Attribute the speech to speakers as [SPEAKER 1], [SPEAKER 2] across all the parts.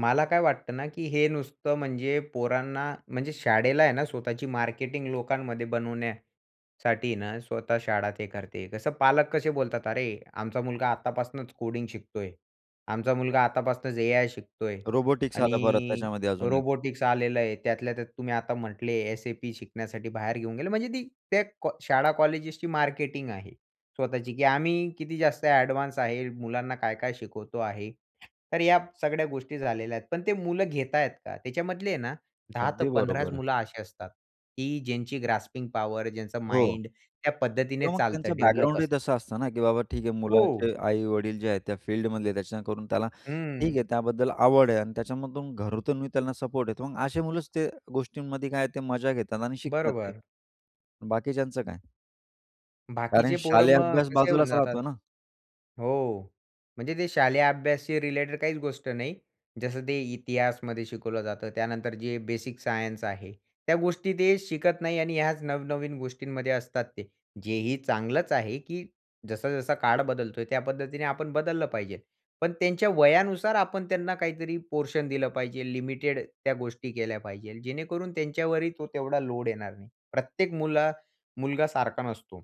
[SPEAKER 1] मला काय वाटतं ना की हे नुसतं म्हणजे पोरांना म्हणजे शाळेला आहे ना स्वतःची मार्केटिंग लोकांमध्ये बनवण्यासाठी ना, स्वतः शाळा ते करते कसं, पालक कसे बोलतात, "अरे! आमचा मुलगा आत्तापासनंच कोडिंग शिकतोय, आमचा मुलगा आत्तापासनंच एआय शिकतोय."
[SPEAKER 2] रोबोटिक्स आलं परत
[SPEAKER 1] आणि
[SPEAKER 2] त्याच्यामध्ये अजून एक.
[SPEAKER 1] रोबोटिक्स आलेलं आहे. त्यातल्या त्यात तुम्ही आता म्हटले, एस-ए-पी शिकण्यासाठी बाहेर घेऊन गेले, म्हणजे ती त्या शाळा-कॉलेजची मार्केटिंग आहे. स्वतःची की आम्ही किती जास्त ॲडव्हान्स आहे, मुलांना काय-काय शिकवतो आहे. तर या सगळ्या गोष्टी झालेल्या आहेत. पण ते मुलं घेता आहेत का त्याच्यामधले आहे ना 10 ते
[SPEAKER 2] अगदी
[SPEAKER 1] 15च
[SPEAKER 2] बरोबर आहे.
[SPEAKER 1] मुलं अशी असतात, की ज्यांची ग्रास्पिंग पॉवर, ज्यांचा
[SPEAKER 2] हो.
[SPEAKER 1] माइंड त्या
[SPEAKER 2] तर
[SPEAKER 1] पद्धतीने
[SPEAKER 2] मग
[SPEAKER 1] चालतं,
[SPEAKER 2] त्यांचं
[SPEAKER 1] डेव्हलप
[SPEAKER 2] बॅकग्राऊंडही
[SPEAKER 1] असतं.
[SPEAKER 2] तसं असतं ना, की बाबा ठीक आहे,
[SPEAKER 1] हो.
[SPEAKER 2] मुलाचे आई-वडील जे आहेत त्या फील्डमधले, त्या करून त्याला ठीक आहे
[SPEAKER 1] हं.
[SPEAKER 2] त्याबद्दल आवड आहे आणि त्याच्यामधून घरातूनही त्यांना सपोर्ट येतो, मग अशी मुलंच त्या गोष्टींमध्ये काय आहे ते मजा घेतात आणि शिकतात ते.
[SPEAKER 1] बरोबर.
[SPEAKER 2] बाकीच्यांचं काय? कारण
[SPEAKER 1] बाकीचे पोरं
[SPEAKER 2] शालेय
[SPEAKER 1] मग
[SPEAKER 2] अभ्यास
[SPEAKER 1] कसे होऊन
[SPEAKER 2] बाजूलाच
[SPEAKER 1] जातात?
[SPEAKER 2] राहतो ना.
[SPEAKER 1] हो. म्हणजे ते शालेय अभ्यासाशी रिलेटेड काहीच गोष्ट नाही. जसं ते इतिहासामध्ये शिकवलं जातं. त्यानंतर जे बेसिक सायन्स आहे, त्या गोष्टी ते शिकत नाही आणि ह्याच नव-नवीन गोष्टींमध्ये असतात ते. जे ही चांगलंच आहे की जसा जसा काळ बदलतोय त्या पद्धतीने आपण बदललं पाहिजे. पण त्यांच्या वयानुसार आपण त्यांना काहीतरी पोर्शन दिलं पाहिजे. लिमिटेड त्या गोष्टी केल्या पाहिजेल जेणेकरून त्यांच्यावरही तो तेवढा लोड येणार नाही. प्रत्येक मुल मुलगा सारखा नसतो.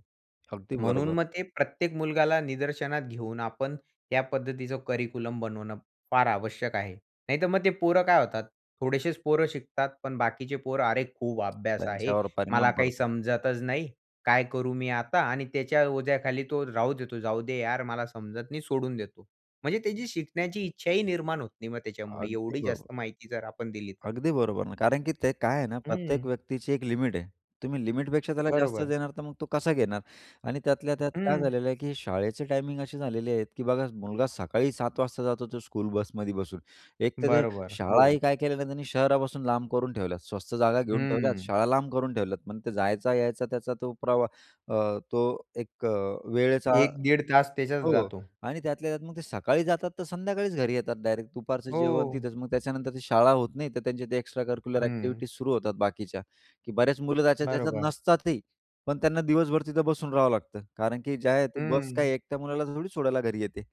[SPEAKER 2] अगदी
[SPEAKER 1] म्हणून
[SPEAKER 2] बरोबर.
[SPEAKER 1] मग ते प्रत्येक मुलगाला निदर्शनात घेऊन आपण या पद्धतीचं करिक्युलम बनवणं फार आवश्यक आहे. नाहीतर मग ते पोरं काय होतात? थोडेसेच पोरं शिकतात, पण बाकीचे पोर, अरे! खूप अभ्यास आहे.
[SPEAKER 2] त्यांच्यावर
[SPEAKER 1] मला
[SPEAKER 2] परिणाम
[SPEAKER 1] काही
[SPEAKER 2] पडतो.
[SPEAKER 1] समजतच नाही. काय करू मी आता आणि त्याच्या ओझ्याखाली तो राहू देतो. जाऊ दे यार, मला समजत नाही सोडून देतो. म्हणजे त्याची शिकण्याची इच्छाही निर्माण होत नाही मग त्याच्यामुळे
[SPEAKER 2] अगदी
[SPEAKER 1] एवढी
[SPEAKER 2] बरोबर.
[SPEAKER 1] जास्त माहिती जर आपण दिली तर.
[SPEAKER 2] अगदी बरोबर, नाही कारण की ते काय आहे ना, प्रत्येक
[SPEAKER 1] हं.
[SPEAKER 2] व्यक्तीची एक लिमिट आहे, तुम्ही लिमिटपेक्षा त्याला जास्त
[SPEAKER 1] बरोबर.
[SPEAKER 2] देणार तर मग तो कसा घेणार आणि त्यातल्या त्यात काय
[SPEAKER 1] हं.
[SPEAKER 2] झालेलं आहे की शाळेचे टाईमिंग असे झालेले आहेत की बघा, मुलगा सकाळी सात वाजता जातो तो स्कूल बसमध्ये बसून, एक तर ते
[SPEAKER 1] बरोबर.
[SPEAKER 2] शाळाही
[SPEAKER 1] हो.
[SPEAKER 2] काय केलेलं त्यांनी शहरापासून लांब करून ठेवल्यात, स्वस्त जागा घेऊन ठेवल्यात,
[SPEAKER 1] हं.
[SPEAKER 2] शाळा लांब करून ठेवल्यात, मग ते जायचा यायचा त्याचा तो प्रवाह अ, तो एक अ वेळेचा
[SPEAKER 1] 1 दीड तास त्याच्यात
[SPEAKER 2] हो
[SPEAKER 1] जातो.
[SPEAKER 2] आणि त्यातल्या त्यात मग ते सकाळी जातात तर संध्याकाळीच घरी येतात डायरेक्ट, दुपारचं जेवण
[SPEAKER 1] हो.
[SPEAKER 2] तिथेच मग त्याच्यानंतर ती शाळा होत नाही तर त्यांचे एक्स्ट्रा करिक्युलर
[SPEAKER 1] हं.
[SPEAKER 2] ॲक्टिव्हिटीज सुरू होतात बाकीच्या, की बरेच मुलं त्याच्यात त्याच्यात
[SPEAKER 1] बरोबर.
[SPEAKER 2] नसतात ही, पण त्यांना दिवसभर तिथे बसून राहावं लागतं, कारण की जे आहे ते बस
[SPEAKER 1] हं.
[SPEAKER 2] काय एकट्या मुलाला थोडी सोडायला घरी येते?